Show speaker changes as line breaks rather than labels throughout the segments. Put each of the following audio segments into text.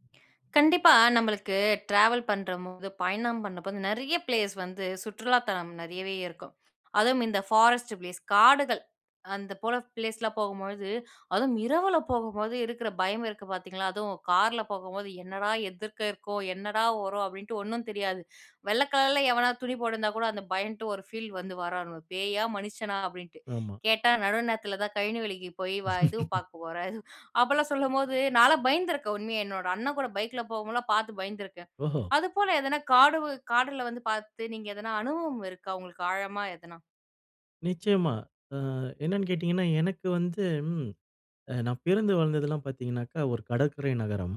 கண்டிப்பா, நம்மளுக்கு ட்ராவல் பண்றம்போது பயணம் பண்ணும்போது வந்து, நிறைய பிளேஸ் வந்து சுற்றுலா தலம் நிறையவே இருக்கும், அதுவும் இந்த ஃபாரஸ்ட் பிளேஸ் காடுகள் அந்த போல பிளேஸ்லாம் போகும்பொழுது, அதுவும் இரவில போகும்போது, இருக்கிற பயம் இருக்கு பார்த்தீங்களா, அதுவும் காரில போகும்போது, "என்னடா! எதிர்க்க இருக்கோ? என்னடா வரும்?" அப்படின்ட்டு ஒண்ணும் தெரியாது, வெள்ளை கலரில எவனாது துணி போட்டுருந்தா கூட, அந்த பயந்துட்டு, ஒரு ஃபீல் வந்து, வாரானுவ பேயா? மனுஷனா? அப்படின்ட்டு.
ஆமா.
கேட்டா நடு நேரத்தில தான் கழனி வேலைக்கு போய் வா இதுவும் பார்க்க போற, அப்போலாம் சொல்லும்போது, நான்லாம் பயந்துருக்கேன், உண்மையா. என்னோடய அண்ணன் கூட பைக்கில போகும்போதுலாம் பார்த்து பயந்துருக்கேன்,
ஓஹோ!
அதுபோல எதனா காடுகள் காடுல வந்து பார்த்து நீங்க எதனா அனுபவம் இருக்கா உங்களுக்கு, ஆழமா எதனா?
நிச்சயமா, ஆ என்னன்னு கேட்டிங்கன்னா, எனக்கு வந்து ம் ஆ நான் பிறந்து வாழ்ந்ததுலாம் பார்த்தீங்கனாக்கா, ஒரு கடற்கரை நகரம்,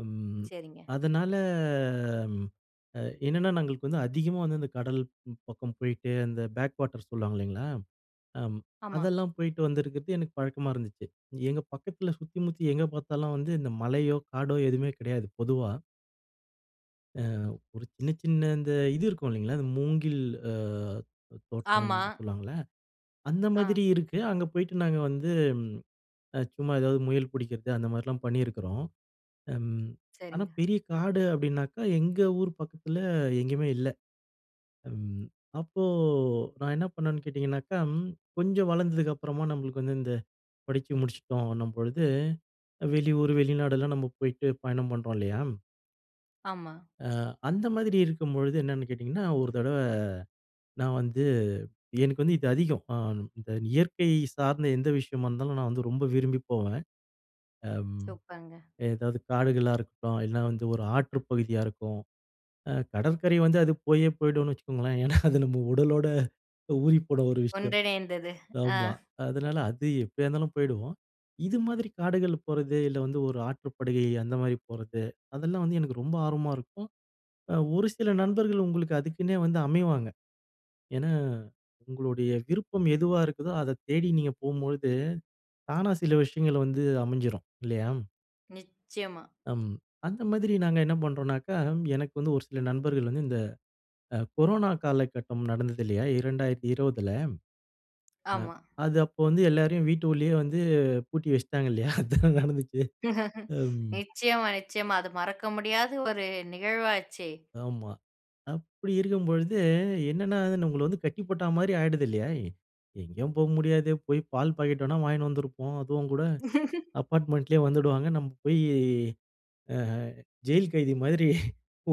அம்
சரிங்க.
அதனால என்னென்னா நா எங்களுக்கு வந்து அதிகமா வந்து இந்த கடல் ம் பக்கம் போயிட்டு அந்த பேக் வாட்டர் சொல்லுவாங்க, இல்லைங்களா. அம்
ஆமா.
அதெல்லாம் போய்ட்டு வந்திருக்கிறது, எனக்கு பழக்கமா இருந்துச்சு, எங்க பக்கத்தில சுத்தி, முத்தி எங்க பார்த்தாலும் வந்து இந்த மலையோ, காடோ, எதுவுமே கிடையாது, பொதுவா. அ. ஒரு சின்ன, சின்ன இந்த இது இருக்கும் இல்லைங்களா? அந்த மூங்கில் அ தோ
ஆமா.
தோட்டம்னு சொல்லுவாங்கல்ல, அந்த
ஆ.
மாதிரி இருக்கு. அங்க போய்ட்டு நாங்க வந்து, சும்மா ஏதாவது முயல் புடிக்கிறது அந்த மாரிலாம் பண்ணியிருக்கிறோம். ம். ஆனா,
சரிங்க.
பெரிய காடு அப்படினாக்க எங்க ஊர் பக்கத்தில எங்கயுமே இல்ல. ம். அப்போ, நான் என்ன பண்ணுனேனு கேட்டிங்கனாக்க கொஞ்சம் வளந்ததுக்கு அப்புறமா நம்மளுக்கு வந்து இந்த படிச்சி முடிச்சிட்டோம்ன்னும் பொழுது வெளியூர் வெளிநாடு எல்லாம் நம்ம போயிட்டு பயணம் பண்றோம் இல்லையா?
ஆமா.
அ. அந்த மாதிரி இருக்கும்பொழுது என்னென்னு கேட்டீங்கன்னா, ஒரு தடவ நான் வந்து எனக்கு வந்து இது அதிகம். அம். இந்த இயற்கை சார்ந்த எந்த விஷயமா இருந்தாலும் நான் வந்து ரொம்ப விரும்பி போவேன். அ.
சூப்பர்ங்க.
ஏதாவது காடுகளா இருக்கட்டும், இல்லைனா வந்து ஒரு ஆற்றுப் பகுதியா இருக்கும். அ கடற்கரை வந்து அது போயே போய்டும்னு வச்சுக்கோங்களே. ஏன்னா, அது நம் உடலோட ஊறிப்போன ஒரு விஷயம்.
ஒன்றிணைந்தது. ஆ.
ஆமா அதனால அது எப்டியா இருந்தாலும் போய்டுவோம். இது மாதிரி காடுகள் போறது இல்ல வந்து ஒரு ஆற்றுப்படுகை, அந்த மாரி போறது அதெல்லாம் வந்து எனக்கு ரொம்ப ஆர்வமா இருக்கும். ஒரு சில நண்பர்கள் உங்களுக்கு அதுக்குன்னே வந்து அமைவாங்க. ஏன்னா, உங்களுடைய விருப்பம் எதுவா இருக்குதோ அத தேடி நீங்க போம்போது தானா சில விஷயங்கள் வந்து அமைஞ்சிரும். இல்லையா?
நிச்சயமா.
ம். அந்த மாதிரி நாங்க என்ன பண்றோன்னாக்கா, எனக்கு வந்து ஒரு சில நண்பர்கள் வந்து இந்த அ கொரோனா காலகட்டம் நடந்தது இல்லையா? 2020ல. அ.
ஆமா.
அது அப்போ வந்து எல்லோரையும் வீட்டுக்குள்ளேயே வந்து பூட்டி வச்சுட்டாங்க இல்லையா? அதானே நடந்துச்சு ம்.
நிச்சயமா, நிச்சயமா. அது மறக்க முடியாத ஒரு நிகழ்வாச்சே.
ஆமா அப்டி இருக்கும்பொழுது, என்னன்னா அது நம்மள வந்து கட்டி போட்டா மாதிரி ஆயிடுது இல்லயா? எங்கேயும் போக முடியாது. போய் பால் பாக்கெட் வேணா வாங்கினு வந்துருப்போம். அதுவும் கூட, அப்பார்ட்மெண்ட்லயே வந்துடுவாங்க. நம்ம போய் அ ஜெயில் கைதி மாதிரி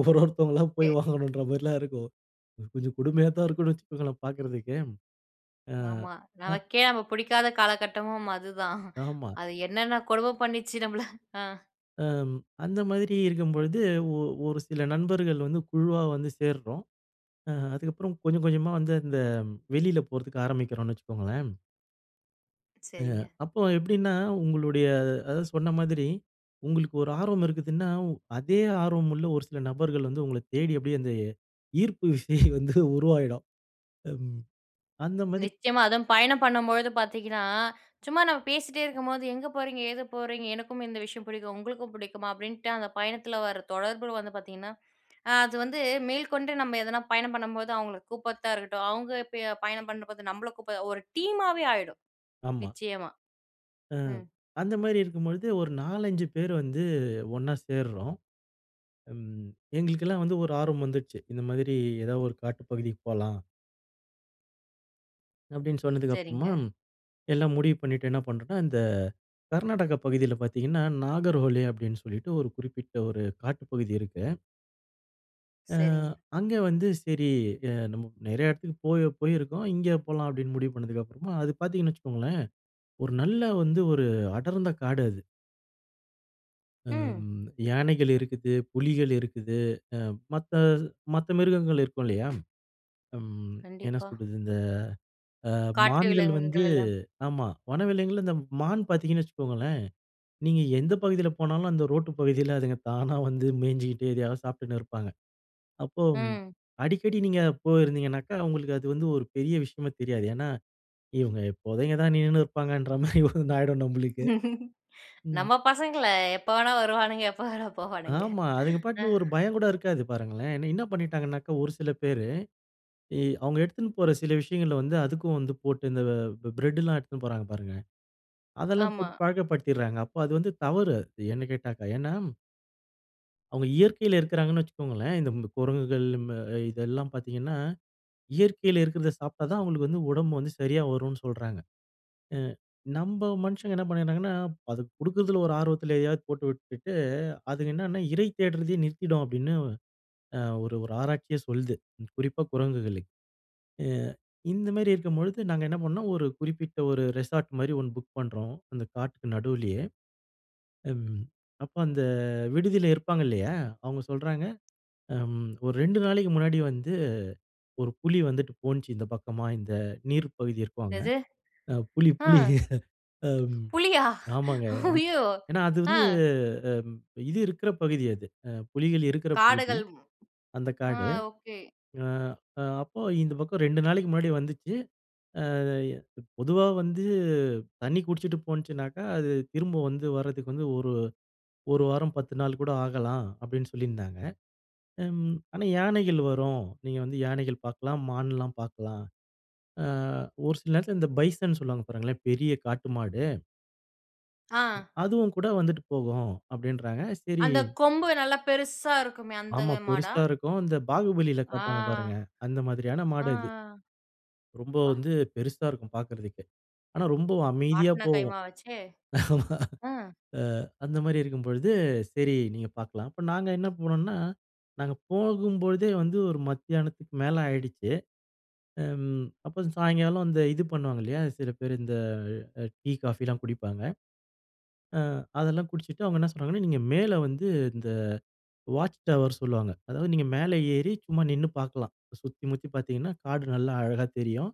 ஒரு ஒருத்தவங்களா, போய்
ஓகே.
வாங்கணுன்ற மாதிரிலாம் இருக்கும். கொஞ்சம் கொடுமையா தான் இருக்குனு வச்சுக்கோங்களேன் பார்க்குறதுக்கு.
ஆமா நமக்கே நம்ம புடிக்காத காலகட்டமும் அதுதான்.
ஆமா.
அது என்னென்ன கொடுமை பண்ணுச்சு நம்மள அ.
ம் அந்த மாதிரி இருக்கும்பொழுது, ஓ ஒரு சில நண்பர்கள் வந்து குழுவா வந்து சேர்றோம், அ அதுக்கப்புறம் கொஞ்சம் கொஞ்சமா வந்து அந்த வெளியில போறதுக்கு ஆரம்பிக்கிறோன்னு வச்சுக்கோங்களேன். ஆ
சரிங்க.
அப்போ எப்டின்னா உங்களுடைய, அதாவது சொன்ன மாதிரி உங்களுக்கு ஒரு ஆர்வம் இருக்குதுன்னா, அதே ஆர்வம் உள்ள ஒரு சில நபர்கள் வந்து, உங்கள தேடி அப்டியே அந்த ஈர்ப்பு விசை வந்து உருவாகிடும். அம். அந்த மாதிரி
நிச்சயமா அதுவும் பயணம் பண்ணும்பொழுது பார்த்தீங்கன்னா, சும்மா நம்ம பேசிகிட்டே இருக்கும்போது, எங்கே போறீங்க? ஏது போறீங்க? எனக்கும் இந்த விஷயம் புடிக்கும் உங்களுக்கும் புடிக்குமா? அப்டின்ட்டு அந்த பயணத்ல வர்ற தொடர்பு வந்து பார்த்தீங்கன்னா, அது வந்து மேல்கொண்டு நம்ம எதனா பயணம் பண்ணும்போது, அவங்களுக்கு கூப்ட்றத்தா இருக்கட்டும், அவங்க இப்ப பயணம் பண்ணும்போது நம்மள கூப்ப ஒரு டீமாவே ஆகிடும்.
ஆமா.
நிச்சயமா.
ஆ.
ம்.
அந்த மாதிரி இருக்கும் பொழுது, ஒரு 4-5 பேர் வந்து ஒண்ணா சேர்றோம். ம் எங்களுக்லாம் வந்து ஒரு ஆர்வம் வந்துருச்சு. இந்த மாதிரி ஏதாவது ஒரு காட்டு பகுதிக்கு போலாம். அப்படின்னு சொன்னதுக்கப்புறமா
சரிங்க.
எல்லாம் முடிவு பண்ணிட்டு என்ன பண்ணுறோம்ன்னா, இந்த கர்நாடகா பகுதியில பாத்தீங்கன்னா, நாகர்கோலி அப்படின்னு சொல்லிட்டு ஒரு குறிப்பிட்ட ஒரு காட்டுப்பகுதி இருக்கு. ஆ,
சரிங்க.
அங்கே வந்து சரி, நம்ம நெறைய இடத்துக்கு போயி போயிருக்கோம். இங்கே போலாம் அப்படின்னு முடிவு பண்ணுனதுக்கு அப்புறம் அது பாத்தீங்கன்னு வச்சுக்கோங்களேன், ஒரு நல்ல வந்து ஒரு அடர்ந்த காடு அது.
ம்.
அம், யானைகள் இருக்குது. புலிகள் இருக்குது. அ மத்த, மத்த மிருகங்கள் இருக்கும் இல்லையா, ம் என்ன
கண்டிப்பா.
சொல்றது இந்த அ
காட்டு
மான்கள் வந்து
விலங்குகளெல்லாம்.
ஆமா. வனவிலங்குல இந்த மான் பாத்தீங்கன்னு வச்சுக்கோங்களேன். நீங்க எந்த பகுதியில போனாலும் அந்த ரோட்டு பகுதியில அதுங்க தானா வந்து மேய்ஞ்சுகிட்டு, எதையாவது சாப்பிட்டுன்னு இருப்பாங்க. அப்போ ம்
ம்.
அடிக்கடி நீங்க போயிருந்திங்கனாக்கா, உங்களுக்கு அது வந்து ஒரு பெரிய விஷயமா தெரியாது. ஏன்னா இவங்க எப்போதும் இங்கன தான் நின்னுன்னு இருப்பாங்கன்ற மாதிரி ஒண்ணு ஆயிடும் நம்மளுக்கு. ம்.
நம்ம பசங்கள எப்ப வேணா வருவானுங்க, எப்போ வேணா போவானுங்க.
ஆமா. அவங்க பாட்டுக்கு ஒரு பயம் கூட இருக்காது பாருங்களேன். என்ன பண்ணிட்டாங்கன்னாக்கா, ஒரு சில பேரு அவுங்க எடுத்துட்டு போற சில விஷயங்கள வந்து அதுக்கும் வந்து போட்டு, இந்த வ பிரெட் எல்லாம் எடுத்துட்டு போறாங்க பாருங்க. அதெல்லாம்
ஆமா.
போட்டு பழக்கப்படுத்திடுறாங்க. அப்போ அது வந்து தவறு என்ன கேட்டாக்க. ஏன்னா. அவங்க இயற்கையில இருக்கிறாங்கன்னு வச்சுக்கோங்களேன், இந்த குரங்குகள் அ இதெல்லாம் பார்த்தீங்கன்னா, இயற்கையில இருக்கிறதை சாப்பிட்டா தான் அவங்களுக்கு வந்து உடம்பு வந்து சரியா வரும்னு சொல்றாங்க, அ நம்ம மனுஷங்க என்ன பண்ணறாங்கன்னா, அது குடுக்குறதில ஒரு ஆர்வத்தில எதையாவது போட்டு விட்டுட்டு, அதுங்க என்னன்னா இறை தேடுறதையே நிறுத்திடும் அப்படின்னு, அ ஒரு ஒரு ஆராய்ச்சியே சொல்லுது, குறிப்பா குரங்குகளுக்கு, அ இந்த மாரி இருக்கும்பொழுது நாங்க என்ன பண்ணோ ஒரு குறிப்பிட்ட ஒரு ரெசார்ட் மாரி ஒண்ணு புக் பண்றோம், அந்த காட்டுக்கு நடுவுலேயே, அ அப்போ அந்த, விடுதியில இருப்பாங்க இல்லையா, அவங்க சொல்றாங்க, அம் ஒரு 2 நாளைக்கு முன்னாடி வந்து, ஒரு புலி வந்துட்டு போனுச்சு இந்த பக்கமா, இந்த நீர் பகுதி இருக்கும்ல,
என்னது
அ புலி
ஆ.
புலி அம்
புலியா?
ஆமாங்க
ஐயோ
ஏன்னா, அது
ஆ.
வந்து இது இருக்கிற பகுதி அது, புலிகள் இருக்கிற பகுதி,
காடுகள்,
அந்த
ஆ
காடு,
ஓகே.
ஆ அ அப்போ இந்த பக்கம் 2 நாளைக்கு முன்னாடி வந்துச்சு, ஆ பொதுவா வந்து, தண்ணி குடிச்சுட்டு போனுச்சுனாக்கா, அது திரும்ப வந்து வரதுக்கு வந்து ஒரு 1 வாரம் 10 நாள் கூட ஆகலாம் அப்படின்னு சொல்லியிருந்தாங்க, அம் ஆனா யானைகள் வரும், நீங்க வந்து யானைகள் பார்க்கலாம், மான்லாம் பார்க்கலாம், ஆ ஒரு சில நேரத்தில இந்த பைசன் சொல்லுவாங்க பாருங்களேன் பெரிய காட்டு மாடு.
ஆ.
அதுவும் கூட வந்துட்டு போகும் அப்டின்றாங்க. சரி.
அந்த கொம்பு நல்லா பெருசா இருக்குமே அந்த
ஆமா
மாடா?
பெருசா இருக்கும். இந்த பாகுபலியில
ஆ.
காட்டுவாங்க பாருங்க. அந்த மாதிரியான
அ,
மாடு அது.
ஆ.
ரொம்ப
ப்பா!
வந்து பெருசா இருக்கும் பார்க்கறதுக்கு. ஆனா ரொம்ப அமைதியா
மாட்டினா
போகும்.
கைமாவாச்சே.
அ
ஆ.
அந்த மாதிரி இருக்கும்பொழுது, சரி நீங்க பார்க்கலாம். அப்போ நாங்க என்ன போனோம்னா நாங்க போகும்போழுதே வந்து, ஒரு மத்தியானத்துக்கு மேலே ஆயிடுச்சு. அ அப்புறம் சாயங்காலம் அந்த இது பண்ணுவாங்க இல்லையா, சில பேரு அ இந்த டீ, காஃபிலாம் குடிப்பாங்க. அ அதெல்லாம் குடிச்சுட்டு அவங்க என்ன சொல்றாங்கன்னா, நீங்க மேலே வந்து இந்த வாட்ச் டவர் சொல்லுவாங்க. அதாவது, நீங்க மேல ஏறி சும்மா நின்னு பார்க்கலாம். சுத்தி முத்தி பார்த்திங்கன்னா காடு நல்லா அழகா தெரியும்.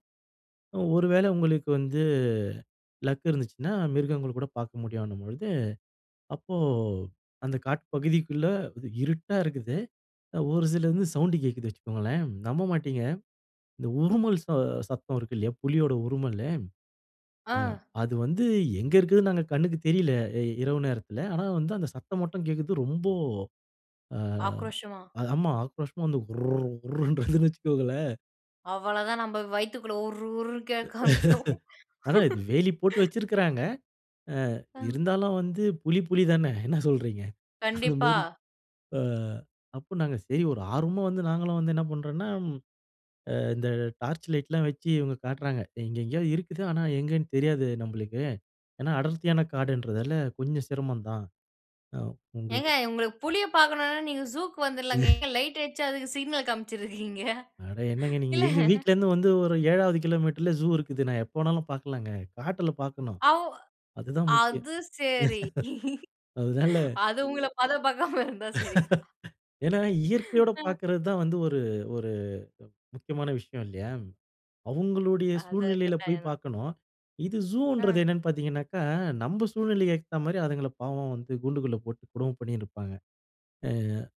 ஒரு வேளை உங்களுக்கு வந்து லக் இருந்துச்சுன்னா, மிருகங்கள் கூட பார்க்க முடியும்ன்னும்பொழுது. அப்போ, அந்த காட்டு பகுதிக்குள்ளே இருட்டா இருக்குது. ஒரு சில வந்து சவுண்டு கேட்குது வச்சுக்கோங்களேன். நம்ப மாட்டங்க இந்த உறுமல் ச சத்தம் இருக்கு இல்லையா, புலியோட உறுமல்லு. ஆ
ஆ.
அது வந்து எங்க இருக்குதுன்னு நாங்க கண்ணுக்கு தெரியல இரவு நேரத்துல. ஆனா வந்து, அந்த சத்தம் மட்டும் கேட்குது. ரொம்போ அ
ஆக்ரோஷமா?
ஆமா ஆக்ரோஷமா வந்து "உர்ர் உர்ர்றது" வச்சுக்கோங்களேன்.
அவ்வளவு தான், நம்ம வயித்துக்குள்ள உர், உர்ன்னு கேட்க ஆரம்பிச்சுரும்.
ஆனா இது வேலி போட்டு வச்சிருக்கிறாங்க. அ,
அ.
இருந்தாலும் வந்து புலி, புலி தான, என்ன சொல்றீங்க?
கண்டிப்பா.
அதுமாரி அ, அப்ப நாங்க சரி ஒரு ஆர்வமா வந்து நாங்களும் வந்து என்ன பண்றோன்னா, அ, இந்த டார்ச் லைட்லா வச்சு இவங்க காட்டுறாங்க. இங்க எங்கயோ இருக்குது. ஆனா எங்கேன்னு தெரியாது நம்மளுக்கு ஏன்னா அடர்த்தியான காடுன்றதால, கொஞ்சம் சிரமந்தான் அ, உங்க
ஏங்க உங்களுக்கு புலிய பாக்கணுனா, நீங்க ஜூக்கு வந்துரலாங்க. ஏங்க லைட் அடிச்சு அதுக்கு சிக்னல் காமிச்சுட்டு இருக்கீங்க?
அட என்னங்க நீங்க?
இல்ல.
எங்க வீட்ல இருந்து வந்து ஒரு ஏழாவது கிலோமீட்டர்ல ஜூ இருக்குது. எப்ப வேணாலும் பாக்கலாங்க. காட்டுல பாக்கணும்.
அவ்
அதுதான் முக்கியம்.
அது சரி
அதனால
அது உங்கள பதம் பாக்காம இருந்தா சரி தான்.
ஏனா இயற்கையோட
அ.
பாக்குறது தான் வந்து, ஒரு ஒரு முக்கியமான விஷயம் இல்லையா? அவங்களுடைய
அத
சூழ்நிலையில போய்
கட்டாயந்தான்.
பாக்கணும். இது ஜூன்றது
அ.
என்னனு பார்த்தீங்கனா, நம்ம சூழ்நிலைக்கு ஏத்த மாரி அதுங்கள பாவம் வந்து கூண்டுக்குள்ள போட்டு கொடும பண்ணிட்டு இருப்பாங்க. அ,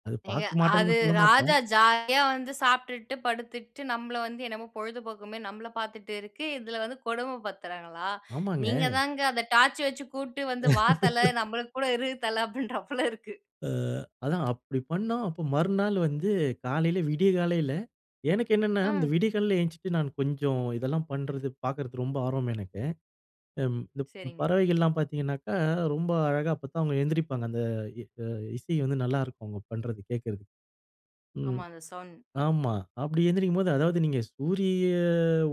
அது
ஏங்க
பாக்கமாட்டேனு
அது
நான் சொல்லமாட்டேன்.
ராஜா ஜாலியா வந்து சாப்ட்டுட்டு, படுத்துட்டு நம்மள வந்து என்னமோ பொழுதுபோகுமேனு நம்மள பாத்துட்டு இருக்கு. இதுல வந்து கொடும படுத்துறாங்களா?
ஆமாங்க.
நீங்க தாங்க அத டார்ச் வச்சு கூப்பிட்டு வந்து, "வா தல! நம்மள கூட இரு தல" அப்படின்றார் போல இருக்கு.
அ, அதான் அப்டி பண்ணா அப்ப மறுநாள் வந்து காலையில விடியகாலையில எனக்கு என்னென்னா, இந்த
ம்.
விடியகாலைல எழுந்திட்டு நான் கொஞ்சம் இதெல்லா பண்றது, பார்க்குறது ரொம்ப ஆர்வம் எனக்கு. அம் ப்
சரிங்க.
பறவைகள்லாம் பாத்தீங்கனால், ரொம்ப அழகா அப்பத்தான் அவங்க எந்திரிப்பாங்க. அந்த இ அ, இசை வந்து நல்லாருக்கும், அவங்க பண்றது, கேட்கறது. ம்.
ஆமா அந்த சௌண்ட்.
ஆமா, அப்படி எந்திரிக்கும்போது அதாவது, நீங்க சூரிய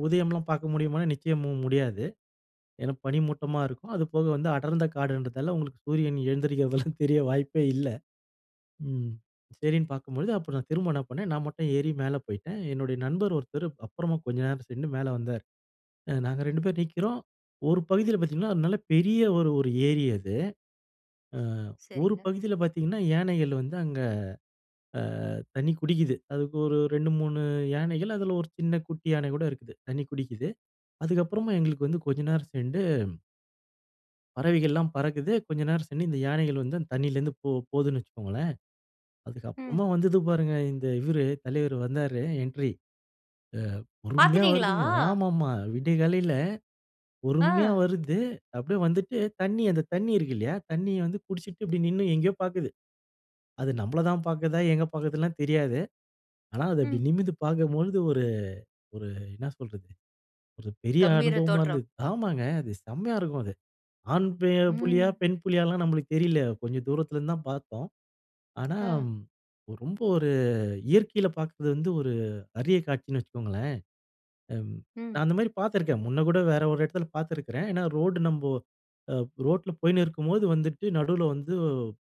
உதயம்லாம் பார்க்க முடியுமானா நிச்சயம் மு முடியாது. ஏனா, பனிமூட்டமா இருக்கும். அதுபோக வந்து அடர்ந்த காடுன்றதால உங்களுக்கு சூரியன் எழுந்திரிக்கிறதெல்லாம் தெரிய வாய்ப்பே இல்ல. ம். சரின்னு பாக்கும்பொழுது அப்றம் நான் திரும்ப என்ன பண்ணேன், நான் மட்டும் ஏறி மேல போய்ட்டேன். என்னுடைய நண்பர் ஒருத்தர் அப்பறமா கொஞ்சம் நேரம் சென்று மேல வந்தார். அ, நாங்க 2 பேர் நிக்குறோம். ஒரு பகுதியில பாத்தீங்கன்னா, அது நல்ல பெரிய ஒரு, ஒரு ஏரி அது. அ, ஒரு
சரிங்க.
பகுதியில பாத்தீங்கன்னா யானைகள் வந்து அங்க அ, தண்ணி குடிக்குது. அதுக்கு ஒரு 2, 3 யானைகள் அதுல ஒரு சின்ன குட்டி யானை கூட இருக்கு, தண்ணி குடிக்குது. அதுக்கப்றமும் எங்களுக்கு வந்து கொஞ்ச நேரம் சென்று பறவைகள்லாம் பறக்குது. கொஞ்ச நேரம் சென்று இந்த யானைகள் வந்து அந் தண்ணீலருந்து போ போதுன் வச்சுக்கோங்களேன். அதுக்கு
ம்.
அப்புறமா வந்தது பாருங்க இந்த இவரு தலைவரு வந்தாரு. என்ட்ரி. அ பொறுமையா
பாத்துட்டீங்களா?
வருதுங்க! ஆமாமா, விடியகாலைல, பொறுமையா
ஆ.
வருது அப்டியே வந்துட்டு தண்ணி அந்த தண்ணி இருக்கு இல்லையா, தண்ணிய வந்து குடிச்சுட்டு இப்டி நின்னு, எங்கயோ பாக்குது. அது நம்பள தான் பாக்குதா? எங்க பாக்குதுலாம் தெரியாது. ஆனா, அதை அப்டி
ம்.
நிமிந்து பாக்கம்பொழுது ஒரு ஒரு என்ன சொல்றது? ஒரு பெரிய
கம்பீர
அனுபவமா
தோற்றம்.
இருந்தது. ஆமாங்க! அது செம்மையா இருக்கும் அது. ஆண் பெ புலியா?
ம்.
பெண் புலியாலாம் நம்பளுக்கு தெரியுல. கொஞ்சம் தூரத்துலருந்து தான் பாத்தோம். ஆனா,
ஆ.
ம் ரொம்ப ஒரு இயற்கையில பாக்கிறது வந்து, ஒரு அறிய காட்சின்னு வச்சுக்கோங்களேன். அம்
ம்.
நான் அந்த மாரி பாத்துருக்கேன். முன்ன கூட வேற ஒரு எடத்ல பாத்திருக்கிறேன். ஏன்னா, ரோடு நம்போ, அ ரோட்ல போயின்னு இருக்கும்போது வந்துட்டு நடுவுல வந்து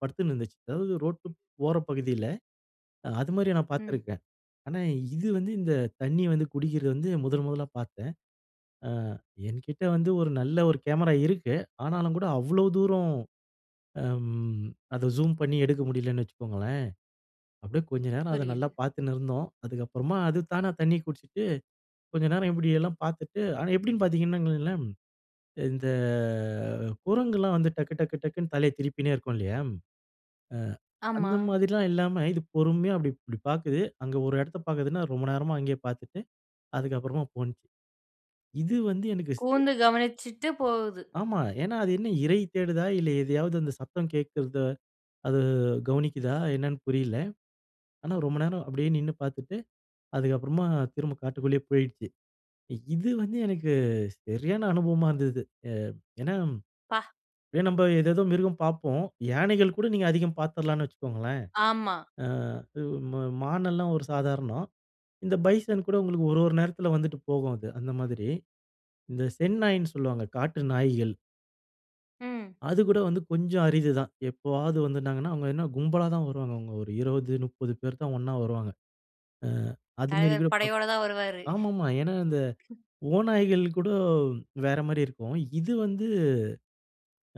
படுத்துன்னு இருந்துச்சு. அதாவது ரோட்டுப் போற பகுதியில அது மாரி நான்
ம்.
பாத்துருக்கேன். ஆனா, இது வந்து இந்த தண்ணி வந்து குடிக்கிறது வந்து முதல் முதலா பாத்தேன். அ என்கிட்டே வந்து ஒரு நல்ல ஒரு கேமரா இருக்கு. ஆனாலும் கூட அவ்ளோ தூரம் அம் அத ஜூம் பண்ணி எடுக்க முடியலன்னு வச்சுக்கோங்களேன். அப்டியே கொஞ்ச நேரம் அத நல்லா
புரியுது.
பாத்துன்னு இருந்தோம். அதுக்கப்புறமா அது தானா தண்ணி குட்ச்சுட்டு, கொஞ்சம் நேரம் இப்டியெல்லாம் பாத்துட்டு ஆனா எப்படின்னு பாத்தீங்கன்னா இங்கெலாம் இந்த குரங்குலாம் வந்து டக்கு டக்கு டக்குன்னு தலைய திருப்பினே இருக்கும் இல்லையா, அ
ஆமா.
அந்த மாதிரிலாம் இல்லாம இது பொறுமையா, அப்டி, இப்டி பாக்குது. அங்க ஒரு எடத்த பாக்குதுனா ரொம்ப நேரமா அங்கயே பாத்துட்டு, அதுக்கப்புறமா போனுச்சு. இது வந்து எனக்கு ஸ்
கூர்ந்து கவனிச்சுட்டு போகுது.
ஆமா. ஏன்னா, அது என்ன இறை தேடுதா? இல்ல எதையாவது அந்த சத்தம் கேக்கிறத அது கவனிக்குதா? என்னான்னு புரியல! ஆனா ரொம்ப நேரம், அப்டியே நின்னு பாத்துட்டு, அதுக்கப்புறமா திரும்ப காட்டுக்குள்ளயே போயிட்ச்சு. இது வந்து எனக்கு சரியான அனுபவமா இருந்தது. ஏ ஏன்னா,
பா!
அப்டியே நம்ப ஏதேதோ மிருகம் பாப்போம். யானைகள் கூட நீங்க அதிகம் பாத்துடலாம்ன்னு வச்சுக்கோங்களேன்.
ஆமா.
ஆ உ மா மான் எல்லாம் ஒரு சாதாரணம். இந்த பைசன் கூட உங்களுக்கு ஒரு ஒரு நேரத்தில வந்துட்டு போகும் அது. அந்த மாதிரி இந்த செந்நாய்ன்னு சொல்லுவாங்க. காட்டு நாய்கள்.
ம்.
அது கூட வந்து கொஞ்சம் அரிது தான். எப்போவது வந்துட்டாங்கன்னா அவங்க என்ன கும்பலா தான் வருவாங்க. அவங்க ஒரு 20 30 பேர்தான் ஒண்ணா வருவாங்க. ஆ அது மாரி
தலைவர்
கூட
படையோட தான் வருவாரு.
ஆமாமா. ஏனா, இந்த ஓநாய்கள் கூட வேற மாரி இருக்கும். இது வந்து.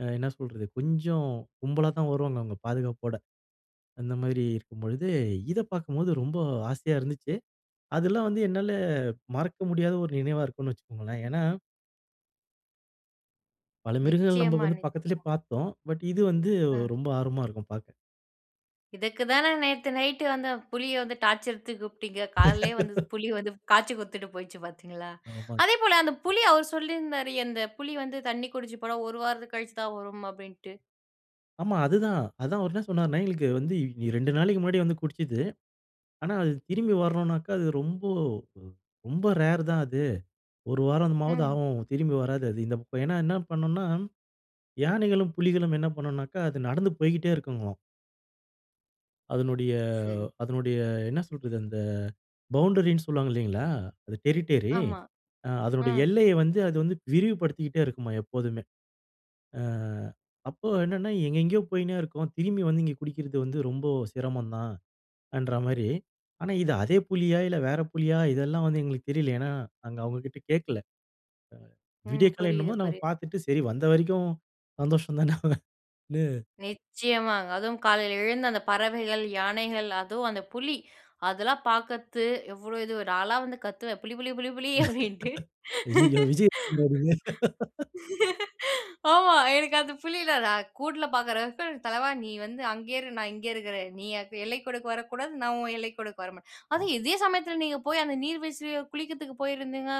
ஆ என்ன சொல்றது கொஞ்சம் கும்பலா தான் வருவாங்க அவங்க பாதுகாப்போட. அந்த மாரி இருக்கும்பொழுது இத பார்க்கும்போது ரொம்ப ஆசையா இருந்துச்சி. அதெல்லாம் வந்து என்னால மறக்க முடியாத ஒரு நினைவா இருக்கும்னு வச்சுக்கோங்களேன். ஏனா பல மிருகங்கள் நம்ம
நிச்சயமா,
வந்து பக்கத்திலேயே
நிச்ச
பார்த்தோம். பட் இது வந்து
ஆ.
ரொம்ப ஆர்வமா இருக்கும் பார்க்க.
இதுக்கு தான நேத்து நைட்டு அந்த புலிய வந்து டார்ச்சர் எடுத்து கூப்ட்டிங்க காலையிலேயே வந்து புலி வந்து காய்ச்சி குடுத்துட்டு போயிச்சு பார்த்தீங்களா.
ஆமாங்க.
அதேபோல அந்த புலி அவரு சொல்லியிருந்தாரு. அந்த புலி வந்து தண்ணி குடிச்சி போனா ஒரு வாரத்துக்கு கழிச்சி தான் வரும் அப்டின்ட்டு.
ஆமா. அதுதான். அதுதான் அவரு என்ன சொன்னார்னா? எங்களுக்கு வந்து 2 நாளைக்கு முன்னாடி வந்து குடிச்சுது. ஆனா, அது திரும்பி வரணுனாக்கா அது ரொம்ப, ரொம்ப ரேர் தான் அது. ஒரு வாரம்மாவது
ம்.
ஆகும். திரும்பி வராது. அது இந்த பக்கம். ஏனா, என்ன பண்ணும்னா யானைகளும், புலிகளும் என்ன பண்ணுனாக்கா அது நடந்து போய்ட்டே இருக்குங்களா. அதனுடைய,
சரி.
அதனுடைய என்ன சொல்றது, அந்த பவுண்டரினு சொல்வாங்க இல்லீங்களா? அது டெரிட்டரி,
ஆமா,
ஆங் அதனுடைய
ம்.
எல்லைய வந்து அது வந்து விரிவுபடுத்திக்கிட்டே இருக்குமாம் எப்போதுமே. ஆ அப்போ என்னன்னா எங்கெங்கேயோ போயின்னே இருக்கோம், திரும்பி வந்து இங்கே குடிக்கிறது வந்து ரொம்ப சிரமம் தான் என்ற மாரி, ஆனா இது அதே புலியா? இல்ல வேற புலியா? இதெல்லாம் வந்து எங்களுக்கு தெரியல ஏன்னா, அங்கே அவங்ககிட்ட கேட்கல, அ
ம்,
வீடியோ கால்
புரியுது,
என்னமோ நாங்க
புரியுது.
பாத்துட்டு, சரி வந்த வரைக்கும் சந்தோஷம் தானே, அப்பிடின்னு,
நிச்சயமாங்க, அதுவும் காலையில எழுந்து, அந்த பறவைகள், யானைகள், அதுவும் அந்த புலி, அதெல்லாம் பாக்கறது எவ்ளோ இது வரு. நாளா வந்து கத்துவேன் புலி, புலி, புலி, புலி அப்டின்ட்டு.
ஐயயோ! விஜய் கொண்டு வரிங்க.
ஆமா, எனக்கு அந்த புலி இல்ல, நான் கூண்டுல பாக்குறக்கு, தலைவா நீ வந்து அங்கேயே இரு, நான் இங்கே இருக்குறேன். நீ எல்லைக்கோடுக்கு வரக்கூடா, நான் உன் எல்லைக்கோடுக்கு வரமாட்டேன்,
ஆ.
அதுவும் இதே சமயத்துல நீங்க போய், அந்த நீர் வீழ்ச்சியை குளிக்கிறதுக்கு போயிருந்திங்க,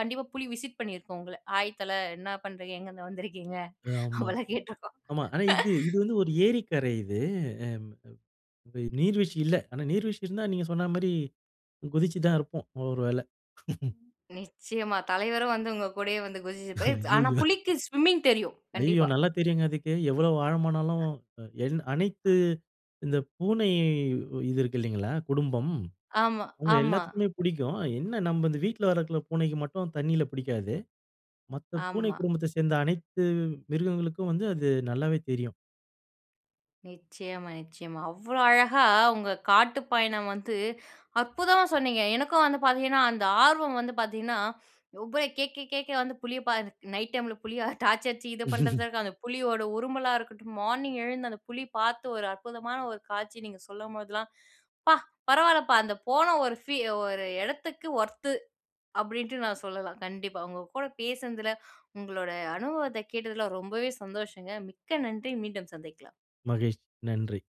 கண்டிப்பா புலி விசிட் பண்ணியிருக்கும் உங்கள, "ஹாய் தல, என்ன பண்ணுறீங்க? எங்கிருந்து வந்துருக்கீங்க?"
ஆமா,
அப்படிலாம் கேட்டுருக்கோம்.
ஆமா. ஆனா இது இது வந்து ஒரு ஏரிக்கரை இது, நீர்வீழ்ச்சி இல்ல. ஆனா நீர்வீழ்ச்சி இருந்தால், நீங்க சொன்ன மாரி, குதிச்சு தான் இருப்போம் ஒவ்வொரு வேளை.
நிச்சயமா, தலைவரும் வந்து உங்க கூடயே வந்து குதிச்சுப்பார். ஆனா
அய்யயோ!
புலிக்கு சுவிம்மிங் தெரியும்,
ஐய்யோ!
கண்டிப்பா.
நல்லா தெரியுங்க அதுக்கு, எவ்வளோ ஆழமானாலும் என் அனைத்து, இந்த பூனை இது இருக்கு இல்லைங்களா குடும்பம்,
ஆமா,
அவங்க
ஆமா.
எல்லாத்துக்குமே பிடிக்கும், என்ன நம்ம இந்த வீட்டில வளர்க்கிற பூனைக்கு மட்டும் தண்ணீல பிடிக்காது, மத்த பூனை
ஆமா.
குடும்பத்தை சேர்ந்த அனைத்து மிருகங்களுக்கும் வந்து, அது நல்லாவே தெரியும்.
நிச்சயமா, நிச்சயமா, அவ்வளோ அழகா உங்க காட்டுப் பயணம் வந்து, அற்புதமா சொன்னீங்க. எனக்கும் வந்து பாத்தீங்கன்னா, அந்த ஆர்வம் வந்து பாத்தீங்கன்னா, ஒவ்வ கேட்க கேட்க வந்து புலிய பா நைட் டைமில புலியா, டார்ச்சு அடிச்சு இது பண்ணுறது இருக்கு, அந்த புலியோட உருமலா இருக்கட்டும், மார்னிங் எழுந்து அந்த புலி பார்த்து ஒரு அற்புதமான ஒரு காட்சி நீங்க சொல்லும்போதெல்லாம், "பா! பரவாயில்லப்பா அந்த போன ஒரு ஃபீ ஒரு எடத்துக்கு ஒர்த்து" அப்படின்ட்டு நான் சொல்லலாம் கண்டிப்பா, உங்க கூட பேசினதுல, உங்களோட அனுபவத்தை கேட்டதுல, ரொம்பவே சந்தோஷங்க மிக்க நன்றி, மீண்டும் சந்திக்கலாம்.
மகிழ்ச்சி, நன்றி.